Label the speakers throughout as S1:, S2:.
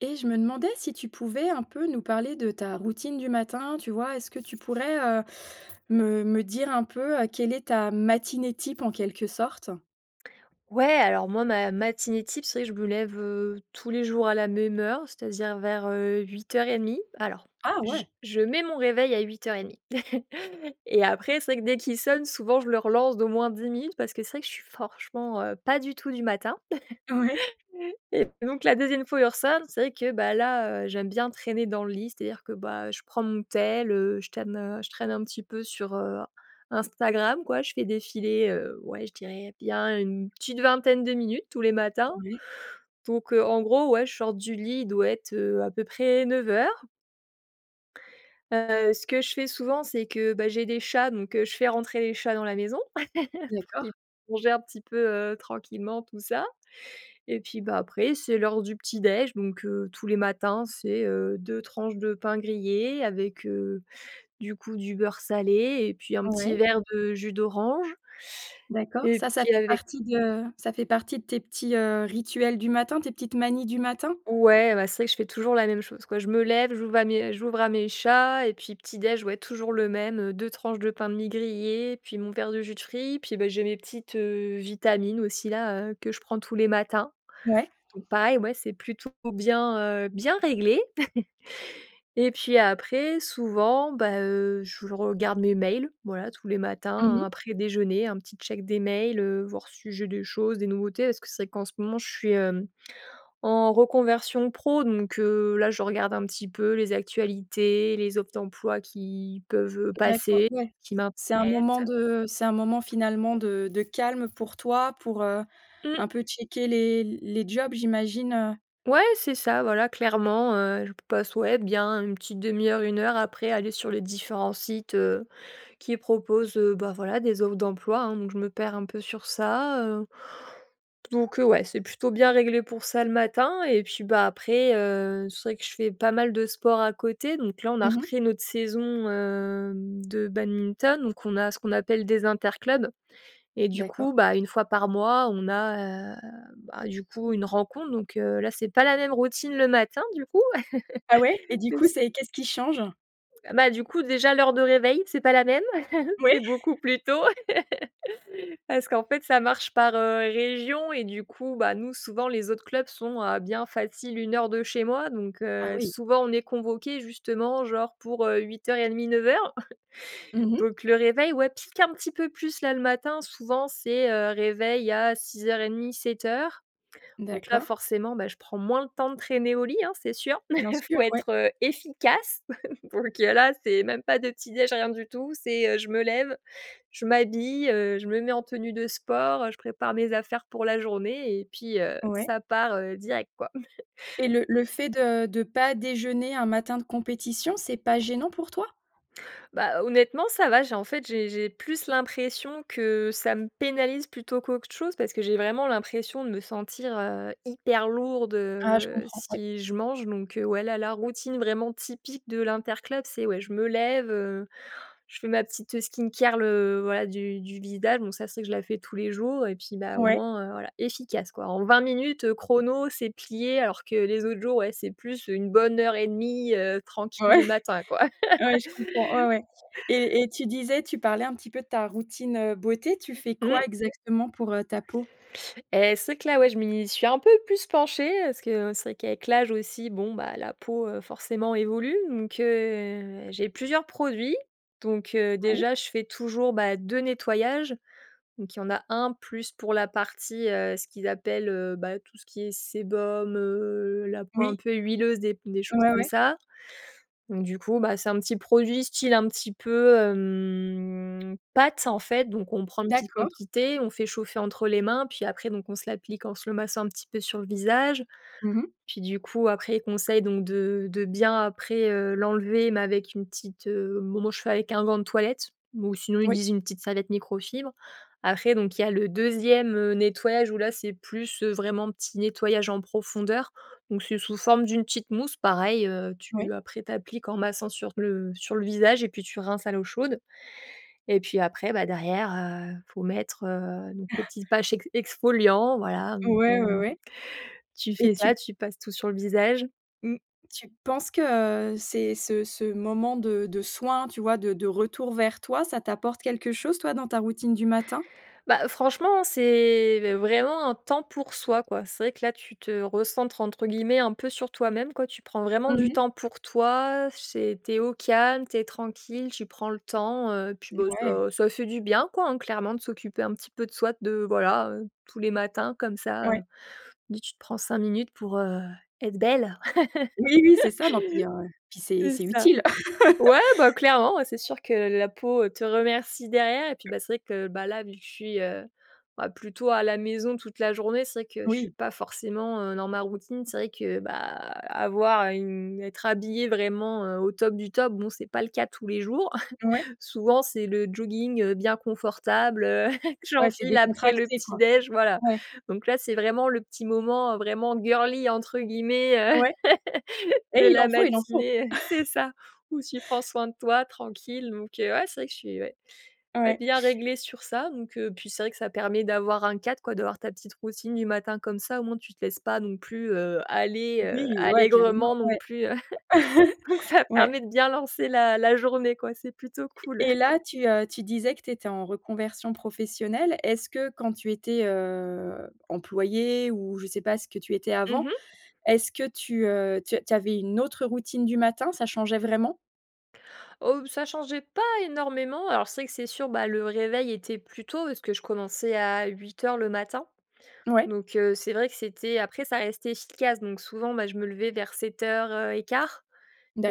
S1: Eh, je me demandais si tu pouvais un peu nous parler de ta routine du matin, tu vois? Est-ce que tu pourrais, heu, me me dire un peu, heu, quelle est ta matinée type en quelque sorte?
S2: Ouais, alors moi, ma matinée type, c'est vrai que je me lève, heu, tous les jours à la même heure, c'est-à-dire vers, heu, 8:30. Alors,
S1: Ah ouais!
S2: j je mets mon réveil à 8:30 et après, c'est vrai que dès qu'il sonne, souvent je le relance d'au moins 10 minutes parce que c'est vrai que je suis franchement, heu, pas du tout du matin
S1: Ouais.
S2: et donc la 2e fois, où il re-sonne, c'est vrai que, bah là, heu, j'aime bien traîner dans le lit, c'est-à-dire, bah, que je prends mon tél, heu, je t'aime, heu je traîne un petit peu sur, heu, Instagram quoi, je fais défiler, heu, ouais, je dirais bien, une petite vingtaine de minutes tous les matins.
S1: Ouais.
S2: Donc heu, en gros, ouais, je sors du lit, il doit être, heu, à peu près 9:00. Heu, ce que je fais souvent c'est que, bah j'ai des chats donc heu, je fais rentrer les chats dans la maison, pour qu'ils
S1: D'accord.
S2: [unintelligible] manger un petit peu tranquillement tout ça et puis, bah, après, c'est l'heure du petit déj donc heu, tous les matins, c'est, heu, 2 tranches de pain grillé avec heu, du coup, du beurre salé et puis un
S1: Ouais.
S2: petit verre de jus d'orange
S1: D'accord,
S2: et
S1: ça, ça
S2: puis
S1: fait
S2: avec
S1: partie de ça fait partie de tes petits, heu, rituels du matin? Tes petites manies du matin?
S2: ouais, bah, c'est vrai que je fais toujours la même chose quoi, je me lève, j'ouvre à me j'ouvre à mes chats et puis petit déj, ouais toujours le même, heu, 2 tranches de pain de mie grillées, puis mon verre de jus de fruits, puis, bah, j'ai mes petites, heu, vitamines aussi là, heu, que je prends tous les matins,
S1: Ouais.
S2: donc pareil, ouais, c'est plutôt bien, heu bien réglé et puis après, souvent, bah heu, je regarde mes mails, voilà tous les
S1: Mmh
S2: matins, heu,
S1: mh.
S2: après déjeuner un petit check des mails, heu, voir si j'ai des choses, des nouveautés, parce que c'est vrai qu'en ce moment je suis, hem, en reconversion pro, donc heu, là je regarde un petit peu les actualités, les offres d'emploi qui peuvent, heu,
S1: D'acco
S2: passer,
S1: ouais.
S2: qui m'intéressent.
S1: C'est un moment de c'est un moment finalement de de calme pour toi pour, heu,
S2: Mmh.
S1: un peu checker les les jobs j'imagine, heu?
S2: Ouais, c'est ça, voilà, clairement, heu, je p passe ouais, bien une petite 1/2 heure, 1 heure après aller sur les différents sites, heu, qui proposent, heu, bah, voilà, des offres d'emploi, hein, donc je me perds un peu sur ça, heu, donc heu, ouais, c'est plutôt bien réglé pour ça, le matin et puis, bah, après, heu, c'est vrai que je fais pas mal de sport à côté, donc là on a
S1: Mmh mh.
S2: repris notre saison, hem, de badminton donc on a, ce qu'on appelle des interclubs et du coup,
S1: D'accord.
S2: bah, 1 fois par mois on a, heu, bah, du coup une rencontre donc heu, là c'est pas la même routine le matin du coup.
S1: Ah ouais? Et du
S2: Et
S1: coup
S2: c
S1: c'est qu'est-ce qui change?
S2: Bah, du coup déjà l'heure de réveil, c'est pas la même.
S1: Ouais.
S2: C'est beaucoup plus tôt. Parce qu'en fait ça marche par, heu, région et du coup, bah, nous souvent, les autres clubs sont à bien facile, 1 heure de chez moi donc
S1: Ah
S2: heu,
S1: oui.
S2: souvent on est convoqués justement, genre pour, heu, 08:30-09:00,
S1: Mmh mh.
S2: donc le réveil ouais, pique un petit peu plus là, le matin souvent c'est, heu, réveil à 06:30-07:00 donc là,
S1: D'accord.
S2: forcément, bah, je prends moins le temps de traîner au lit, hein, c'est sûr.
S1: Bien sûr,
S2: Faut
S1: ouais.
S2: être, heu, efficace donc heu, là c'est même pas de petit déj, rien du tout c'est, heu, je me lève, je m'habille, heu, je me mets en tenue de sport, heu, je prépare mes affaires pour la journée et puis, heu,
S1: Ouais.
S2: ça part, heu, direct quoi.
S1: Et le le fait de, heu, de pas déjeuner un matin de compétition, c'est pas gênant pour toi?
S2: Bah, honnêtement, ça va, j'ai en fait j'ai j'ai plus l'impression que ça me pénalise plutôt qu'autre chose, parce que j'ai vraiment l'impression de me sentir, heu, hyper lourde,
S1: Ah, je
S2: heu,
S1: comprends, ouais.
S2: si je mange donc heu, ouais là, la routine vraiment typique de l'interclub, c'est ouais je me lève, heu, je fais ma petite skincare le voilà du du visage donc ça c'est que je la fais tous les jours et puis, bah, au
S1: Ouais.
S2: moins, heu, voilà, efficace, quoi. En 20 minutes, heu, chrono c'est plié, alors que les autres jours, ouais c'est plus 1 bonne heure et 1/2, heu, tranquille
S1: Ouais.
S2: le matin quoi.
S1: Ouais je comprends ouais, ouais. Et et tu disais tu parlais un petit peu de ta routine, heu, beauté, tu fais quoi
S2: Mmh.
S1: exactement pour, heu, ta peau?
S2: Et c'est vrai que là, ouais, je m'y suis un peu plus penchée, heu, parce que c'est vrai qu'avec l'âge aussi, bon, bah, la peau heu, forcément évolue donc heu, j'ai plusieurs produits donc heu,
S1: Ouais.
S2: déjà, je fais toujours bah, 2 nettoyages, donc il y en a 1 plus pour la partie, heu, ce qu'ils appellent, heu, bah, tout ce qui est sébum, heu, la peau un
S1: Oui.
S2: peu huileuse et puis des choses
S1: Ouais,
S2: comme
S1: ouais.
S2: ça donc du coup, bah, c'est un petit produit, style un petit peu, hem, pâte en fait, donc on prend en petite
S1: D'accord.
S2: quantité, on fait chauffer entre les mains, puis après, donc on se l'applique en se le massant un petit peu sur le visage,
S1: Mmh mh.
S2: puis du coup après, ils conseillent donc de de bien, après, heu, l'enlever mais avec une petite, heu bon moi, je fais avec un gant de toilette ou sinon, ils
S1: Oui.
S2: disent: «une petite serviette microfibre». Après donc il y a le 2e, heu, nettoyage où là, c'est plus, heu, vraiment petit nettoyage en profondeur, donc c'est sous forme d'une petite mousse pareil, heu,
S1: Oui.
S2: tu après tu appliques en massant sur le sur le visage et puis tu rinces à l'eau chaude et puis après, bah, derrière, heu, faut mettre, heu, le petit patch ex exfoliant, voilà donc
S1: Ouais,
S2: heu,
S1: ouais, ouais.
S2: tu
S1: Et
S2: fais
S1: tu
S2: ça, tu passes tout sur le visage mmh.
S1: tu penses que, heu, c'est ce ce moment de de soin, tu vois de de retour vers toi, ça t'apporte quelque chose toi, dans ta routine du matin?
S2: Bah heu, franchement, c'est vraiment un temps pour soi quoi. C'est vrai que là, tu te «recentres», entre guillemets, un peu sur toi-même quoi, tu prends vraiment
S1: Mmh
S2: du
S1: mh.
S2: temps pour toi, c'est tu es au calme, tu es tranquille, tu prends le temps, heu, puis,
S1: Et
S2: bah
S1: ouais.
S2: ça ça fait du bien quoi, hein, clairement, de s'occuper un petit peu de soi de voilà, heu, tous les matins comme ça, heu,
S1: Ouais.
S2: dis tu te prends 5 minutes pour, heu, être belle.
S1: Oui, c'est ça, non puis, heu puis c'est
S2: C'est
S1: c'est
S2: ça.
S1: utile.
S2: Ouais, bah, clairement, ouais, c'est sûr que, heu, la peau, elle te remercie derrière et puis, bah, c'est vrai que, bah, là vu que je suis, heu, bah, plutôt à la maison, toute la journée, c'est vrai que je suis
S1: Oui.
S2: pas forcément, heu, dans ma routine, c'est vrai que, bah, avoir une être habillée vraiment, heu, au top du top, bon c'est pas le cas tous les jours,
S1: Ouais.
S2: souvent c'est le jogging, heu, bien confortable, heu, je
S1: Ouais, c'est
S2: l'enfile après le
S1: décontracté
S2: petit
S1: quoi,
S2: dej, voilà,
S1: ouais.
S2: donc là, c'est vraiment le petit moment, heu, vraiment girly entre guillemets, heu,
S1: Ouais,
S2: de
S1: et il
S2: la
S1: en faut il en faut.
S2: matinée et c'est ça où tu prends soin de toi tranquille donc heu, ouais c'est vrai que je suis ouais, ouais,
S1: Ouais.
S2: bien réglée sur ça donc heu puis c'est vrai que ça permet d'avoir un cadre quoi, d'avoir ta petite routine du matin comme ça, au moins, tu te laisses pas non plus, heu, aller, heu,
S1: Oui, ouais, carrément
S2: allègrement non
S1: ouais.
S2: plus, heu donc ça
S1: Ouais.
S2: permet de bien lancer la la journée quoi, c'est plutôt
S1: E
S2: cool.
S1: Et là tu, heu tu disais que tu étais en reconversion professionnelle. Est-ce que quand tu étais, heu heu, employée ou je sais pas, ce que tu étais
S2: Mmh
S1: avant,
S2: mh.
S1: est-ce que tu, heu tu a tu avais une autre routine du matin? Ça changeait vraiment?
S2: Oh, b ça changeait pas énormément. Alors, c'est vrai que c'est sûr, bah, le réveil était plus tôt parce que je commençais à 8:00 le matin.
S1: Ouais.
S2: Donc, heu, c'est vrai que c'était après ça restait efficace. Donc souvent, bah, je me levais vers 7:00, heu et 1/4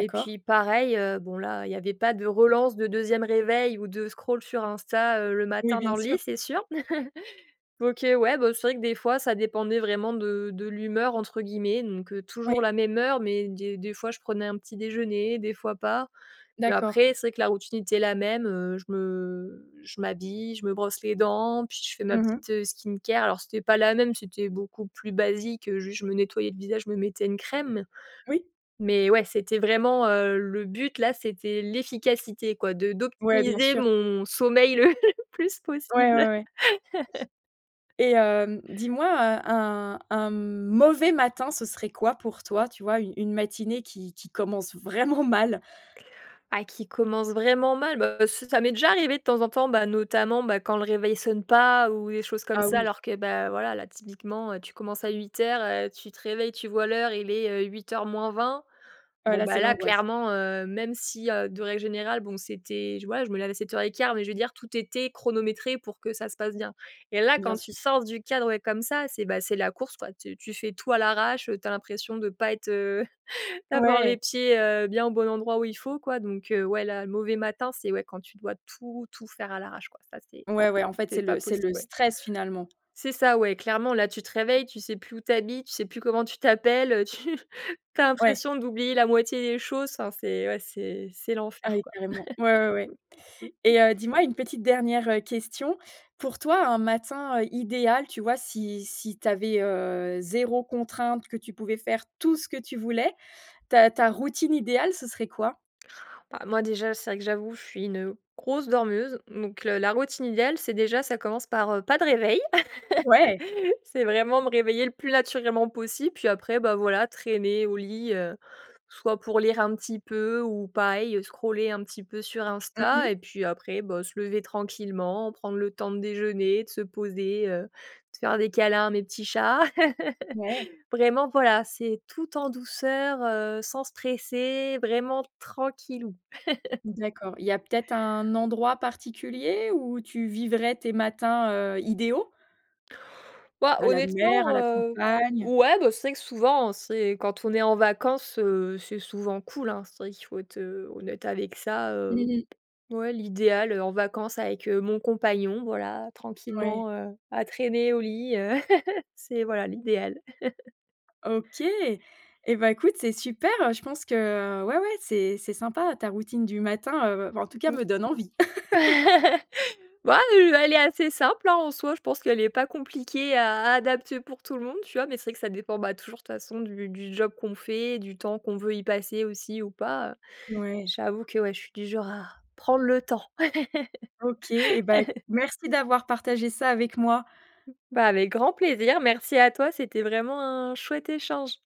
S2: et puis pareil, heu, bon, là, il y avait pas de relance, de 2e réveil ou de scroll sur Insta, heu, le
S1: Oui,
S2: matin
S1: bien
S2: dans le
S1: sûr.
S2: lit, c'est sûr. Donc et ouais, bah, c'est vrai que des fois, ça dépendait vraiment de de «l'humeur», entre guillemets, donc, heu, toujours
S1: Ouais.
S2: la même heure mais, des des fois, je prenais un petit déjeuner, des fois pas et
S1: D'accord.
S2: après, c'est vrai que la routine était la même, heu, je me je m'habille, je me brosse les dents puis je fais ma
S1: Mmh mh.
S2: petite, heu, skincare. Alors, c'était pas la même, c'était beaucoup plus basique, heu, juste je me nettoyais le visage, je me mettais une crème
S1: Oui.
S2: mais, ouais, c'était vraiment, heu, le but là, c'était l'efficacité, quoi, de
S1: Ouais, bien
S2: d'optimiser
S1: sûr.
S2: mon sommeil le plus
S1: Ouais,
S2: possible.
S1: ouais, ouais. Et hem, dis-moi, heu, un un mauvais matin, ce serait quoi pour toi, tu vois, u une matinée qui qui commence vraiment mal?
S2: Ah, qui commence vraiment mal. Bah, c'est ça m'est déjà arrivé de temps en temps, bah, notamment, bah, quand le réveil sonne pas ou des choses comme
S1: Ah
S2: ça,
S1: oui.
S2: alors que, bah, voilà, là, typiquement, heu, tu commences à 8:00, heu, tu te réveilles, tu vois l'heure, il est, heu, 7:40.
S1: Heu,
S2: Bon
S1: là, c'est
S2: bah, là
S1: l'angoisse.
S2: clairement, heu, même si, heu, de règle générale bon, c'était, je ouais, je me lève à 7:15 mais, je veux dire, tout était chronométré pour que ça se passe bien. Et là
S1: Bien
S2: quand tu
S1: sûr.
S2: sors du cadre, ouais, comme ça, c'est, bah, c'est la course, quoi, tu tu fais tout à l'arrache, heu, tu as l'impression de pas être, heu, d'avoir les
S1: Ouais.
S2: pieds, heu, bien au bon endroit où il faut quoi donc heu, ouais, là, mauvais matin, c'est, ouais, quand tu dois tout tout faire à l'arrache, quoi, ça c'est
S1: Ouais, ouais, en fait,
S2: c'est
S1: c'est
S2: pas
S1: le c'est le
S2: possible, ouais.
S1: stress, finalement.
S2: C'est ça, ouais, clairement là, tu te réveilles, tu sais plus où tu habites, tu sais plus comment tu t'appelles, heu, tu tu as
S1: Ouais.
S2: l'impression d'oublier la moitié des choses, enfin c'est, ouais, c'est c'est
S1: Ah
S2: l'enfer,
S1: oui,
S2: quoi.
S1: carrément. Ouais, ouais, ouais. Et heu, dis-moi une petite dernière, heu, question. Pour toi, un matin idéal, tu vois, si si tu avais, heu, 0 contrainte, que tu pouvais faire tout ce que tu voulais, ta ta routine idéale, ce serait quoi?
S2: Bah moi, déjà, c'est vrai que j'avoue, je suis une grosse dormeuse donc, le la routine idéale, c'est déjà ça commence par, heu, pas de réveil.
S1: Ouais.
S2: C'est vraiment me réveiller le plus naturellement possible puis après, bah, voilà, traîner au lit, heu, soit pour lire un petit peu ou pareil scroller un petit peu sur
S1: Mmh
S2: Insta
S1: mh.
S2: et puis après, bah, se lever tranquillement, prendre le temps de déjeuner, de se poser, heu, de faire des câlins à mes petits chats,
S1: Ouais.
S2: vraiment, voilà, c'est tout en douceur, heu, sans stresser vraiment, tranquillou.
S1: D'accord, il y a peut-être un endroit particulier où tu vivrais tes matins, heu, idéaux?
S2: Bah,
S1: À la mer, à
S2: honnêtement,
S1: la
S2: heu,
S1: campagne?
S2: ouais, bah, c'est vrai que souvent, c'est quand on est en vacances, heu, c'est souvent cool, hein, c'est vrai qu'il faut être, heu, honnête avec ça,
S1: Mmh
S2: heu.
S1: mh.
S2: Ouais l'idéal, heu, en vacances avec, heu, mon compagnon, voilà,
S1: Ouais.
S2: tranquillement à à traîner au lit, heu, c'est, voilà, l'idéal.
S1: OK et bah écoute, c'est super, je pense que, heu, ouais, ouais, c'est c'est sympa, ta routine du matin, heu, en tout cas,
S2: Mmh.
S1: me donne envie.
S2: Bah, heu, elle est assez simple, hein, en soi, je pense qu'elle est pas compliquée à adapter pour tout le monde, tu vois, mais c'est vrai que ça dépend, bah, toujours de toute façon du du job qu'on fait, du temps qu'on veut y passer aussi ou pas, heu.
S1: Ouais.
S2: J'avoue que, ouais, je suis du genre à prendre le temps.
S1: OK et bah, écoute, merci d'avoir partagé ça avec moi.
S2: Bah, avec grand plaisir. Merci à toi, c'était vraiment un chouette échange.